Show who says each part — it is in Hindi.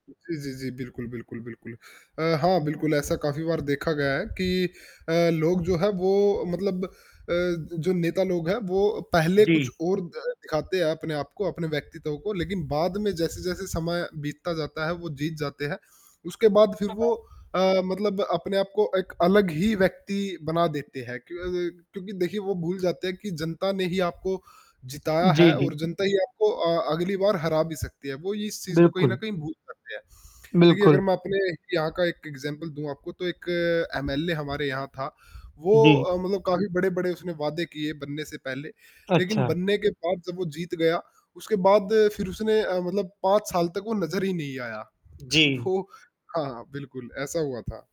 Speaker 1: जी, जी, जी। बिल्कुल, बिल्कुल, बिल्कुल, अ, हाँ, बिल्कुल ऐसा काफ़ी बार देखा गया है कि अ, लोग जो हैं वो मतलब अ, जो नेता लोग हैं वो पहले कुछ
Speaker 2: जी।
Speaker 1: और द दिखाते हैं अपने आपको, अपने व्यक्तित्व को लेक़िन बाद में जैसे-जैसे समय बीतता जाता है, वो जीत जाते हैं। उसके बाद फ़िर वो
Speaker 2: [unintelligible]
Speaker 1: अ, मतलब अपने आपको एक अलग ही व्यक्ति बना देते हैं। क्यों अ, क्योंकि देखिए वो भूल जाते हैं कि जनता ने ही आपको जिताया है
Speaker 2: जी,
Speaker 1: और
Speaker 2: जी।
Speaker 1: जनता ही आपको अ, अगली बार हरा भी सकती है। वो इस चीज़ को कहीं न
Speaker 2: बिल्कुल।
Speaker 1: कहीं भूल जाते हैं, देखिए अगर
Speaker 2: बिल्कुल।
Speaker 1: मैं अपने यहाँ का एक एग्ज़ाम्पल दूँ आपको तो एक एमएलए हमारे यहाँ था। वो
Speaker 2: जी।
Speaker 1: अ, मतलब काफ़ी बड़े-बड़े उसने वादे किए बनने से पहले। लेक़िन
Speaker 2: अच्छा।
Speaker 1: बनने के बाद जब वो जीत गया, उसके बाद फ़िर उसने अ, मतलब 5 साल तक वो नज़र ही नहीं आया।
Speaker 2: जी।
Speaker 1: वो हाँ, बिल्कुल ऐसा हुआ था।